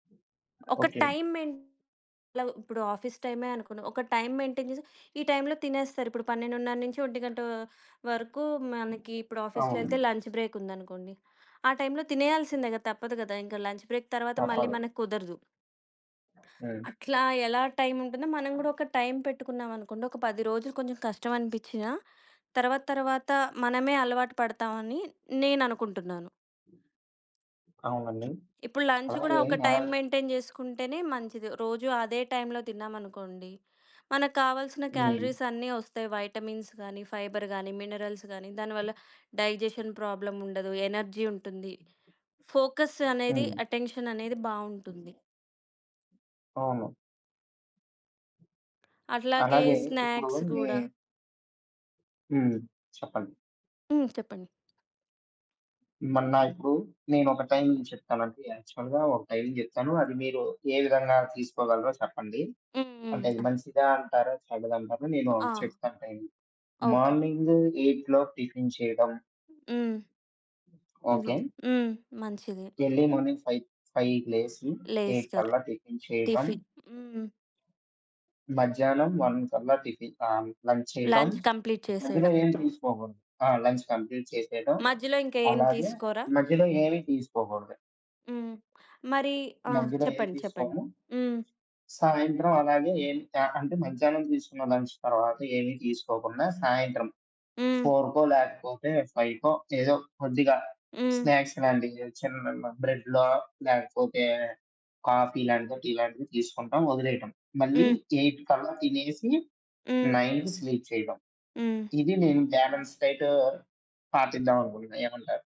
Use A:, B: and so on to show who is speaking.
A: ఒక
B: okay.
A: Time main [unintelligible] ఇప్పుడు office టైమే అనుకుందాం. ఒక టైమ్ మెయింటైన్ జేసి ఈ టైంలో తినేస్తారిప్పుడు 12:30 నుంచి 1:00 వరకు మనకి ఇప్పుడు ఆఫీస్‌లో ఎళ్తే
B: అవునండి.
A: లంచ్ బ్రేక్ ఉందనుకోండి. ఆ టైంలో తినేయాల్సిందే గదా! తప్పదు గదా! ఇంకా లంచ్ బ్రేక్ తర్వాత మళ్ళీ
B: తప్పదు.
A: మనకు కుదరదు.
B: హ్మ్.
A: అట్లా ఎలా టైం ఉంటుందో మనం గూడా ఒక టైం పెట్టుకున్నాం అనుకోండొక 10 రోజులు కొంచెం కష్టం అనిపించినా తర్వాత, తర్వాత మనమే అలవాటు పడతామని నేననుకుంటున్నాను.
B: అవునండి.
A: ఇప్పుడు లంచ్ గూడా
B: అలాగే
A: ఒక టైమ్
B: న
A: మెయింటైన్ జేసుకుంటేనే మంచిది. రోజు అదే టైంలో తిన్నామనుకోండి మనకు కావాల్సిన
B: హ్మ్.
A: క్యాలరీస్ అన్నీ ఒస్తాయి వైటమిన్స్ గానీ, ఫైబర్ గానీ, మినరల్స్ గానీ, దానివల్ల డైజెషన్ ప్రాబ్లమ్ ఉండదు. ఎనర్జీ ఉంటుంది. ఫోకస్ అనేది
B: హ్మ్.
A: అటెన్షన్ అనేది బావుంటుంది.
B: అవును.
A: అట్లాగే
B: అలాగే ఇప్పుడు
A: స్నాక్స్
B: మీ
A: గూడా.
B: హ్మ్. చెప్పండి.
A: హ్మ్. చెప్పండి.
B: మొన్న ఇప్పుడు నేనొక టైమింగ్ చెప్తానండి. యాక్చువల్‌గా ఒక టైమింగ్ చెప్తాను. అది మీరు ఏ విధంగా తీసుకోగలరో చెప్పండి.
A: హ్మ్. హ్మ్.
B: అంటే అది
A: ఆహ్
B: మంచిదా అంటారో, చెడ్డదంటారా నేను
A: ఆ!
B: చెప్తాను టైమింగ్.
A: ఓకే.
B: మార్నింగ్ 8 లోపు టిఫిన్ చేయడం.
A: హ్మ్. హుహు.
B: ఓకే.
A: హ్మ్. మంచిది.
B: ఎర్లీ మార్నింగ్ ఫైవ్ ఫైవ్‌కి లేసి 8
A: లేస్తారు.
B: కల్లా టిఫిన్ చేయడం.
A: టిఫిన్ హ్మ్.
B: మధ్యాహ్నం 1 కల్లా టిఫిన్ ఆహ్, లంచ్ చేయడం.
A: లంచ్ కంప్లీట్
B: మధ్యలో
A: చేసేయడం.
B: ఏం తీసుకోకూడదు. ఆ! లంచ్ కంప్లీట్ చేసేయడం,
A: మధ్యలో ఇంకా ఏం
B: అలాగే
A: తీసుకోరా?
B: మధ్యలో ఏమి తీసుకోకూడదు.
A: హ్మ్. మరి ఆ!
B: మధ్యలో ఏమి
A: చెప్పండి. చెప్పండి.
B: తీసుకోము.
A: హ్మ్.
B: సాయంత్రం అలాగే ఏం త ఆహ్, అంటే మధ్యాహ్నం తీసుకున్న లంచ్ తర్వాత ఏమి తీసుకోకుండా సాయంత్రం
A: హ్మ్.
B: 4కో, లేకపోతే 5కో ఏదో కొద్దిగా
A: హ్మ్.
B: స్నాక్స్ లాంటివి చిన్న బ్రెడ్‌లో లేకపోతే, కాఫీ లాంటిదో, టీ లాంటిదో తీసుకుంటాం ఒదిలేయటం. మళ్ళీ
A: హ్మ్.
B: 8 కల్లా తినేసి
A: హ్మ్.
B: 9కి స్లీప్ చేయటం.
A: హ్మ్.
B: ఇది నేను బ్యాలెన్స్ డైట్ పాటిద్దాం అనుకుంటున్నా. ఏమంటారు?